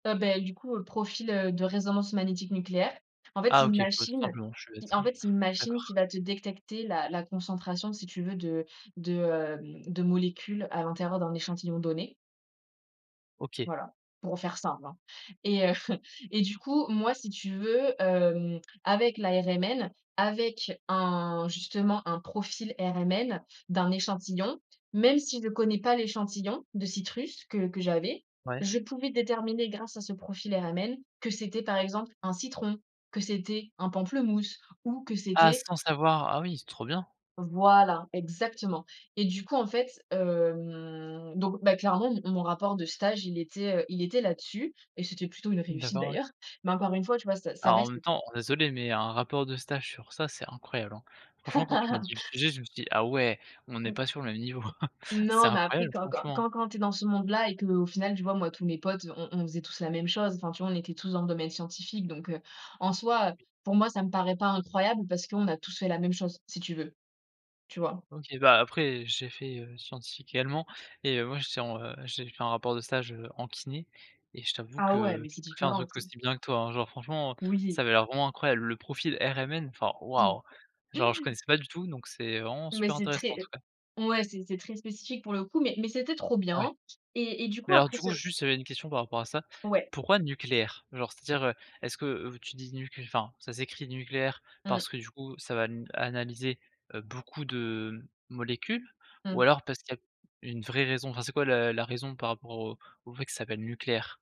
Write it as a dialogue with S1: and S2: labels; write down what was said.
S1: Heu, ben, du coup, heu, profil, heu, de résonance magnétique nucléaire, en fait,
S2: Ah!
S1: c'est une
S2: OK, bah, tout
S1: machine,
S2: simplement, je suis
S1: qui,
S2: bête,
S1: en
S2: ouais,
S1: fait, c'est une machine qui
S2: d'accord.
S1: va te détecter la la concentration si tu veux de de, hem, de molécules à l'intérieur d'un échantillon donné.
S2: OK.
S1: Voilà, pour faire simple, hein et heu et du coup, moi, si tu veux, hem, avec la RMN, avec un, justement, un profil RMN d'un échantillon même si je connais pas l'échantillon de citrus que que j'avais,
S2: Ouais.
S1: je pouvais déterminer grâce à ce profil RMN que c'était par exemple un citron, que c'était un pamplemousse ou que
S2: Ah!
S1: c'était
S2: Sans savoir, ah oui, c'est trop bien!
S1: Voilà, exactement et du coup, en fait, hem, donc, bah, clairement mon mon rapport de stage, il était, heu, il était là-dessus et c'était plutôt une réussite
S2: D'accord, ouais.
S1: d'ailleurs mais encore une fois, tu vois, ça ça
S2: Alors, en
S1: reste
S2: même temps, désolé, mais un rapport de stage sur ça c'est incroyable, hein, franchement, quand tu m'as dis le sujet, je me suis dit: «Ah ouais, on est
S1: Mmh.
S2: pas sur le même niveau!» C'est
S1: Non, mais après
S2: incroyable,
S1: quand quand
S2: franchement, hein!
S1: quand quand tu es dans ce monde-là et qu'au final, tu vois, moi, tous mes potes, heu, on on faisait tous la même chose, enfin, tu vois, on était tous dans le domaine scientifique, donc heu, en soi, heu, pour moi, ça me paraît pas incroyable parce qu'on a tous fait la même chose, si tu veux. Tu vois?
S2: OK, bah, après j'ai fait, heu, scientifique également et heu, moi, j'étais en, heu, j'ai fait un rapport de stage, heu, en kiné et je t'avoue
S1: Ah ouais,
S2: que
S1: mais
S2: j'ai
S1: c'est
S2: pas fait un
S1: différent
S2: truc
S1: aussi.
S2: aussi bien que toi, hein, genre, franchement,
S1: Oui.
S2: ça avait l'air vraiment incroyable. Le profil RMN, enfin,
S1: Mmh.
S2: waouh! Genre, je connaissais pas du tout donc c'est vraiment
S1: Mais
S2: super
S1: c'est
S2: intéressant, en tout
S1: très
S2: cas.
S1: ouais, c'est c'est très spécifique pour le coup mais mais c'était trop
S2: Ouais.
S1: bien et et du
S2: Mais
S1: coup
S2: alors
S1: après
S2: du coup,
S1: ce
S2: juste, j'avais une question par rapport à ça,
S1: Ouais.
S2: pourquoi nucléaire? Genre, c'est-à-dire, heu, est-ce que vous tu dis nucl enfin, ça s'écrit nucléaire
S1: Mmh.
S2: parce que du coup ça va n analyser, heu, beaucoup de molécules ou
S1: Mmh.
S2: alors parce qu'il y a q une vraie raison? Enfin, c'est quoi la la raison par rapport au au fait que ça s'appelle nucléaire?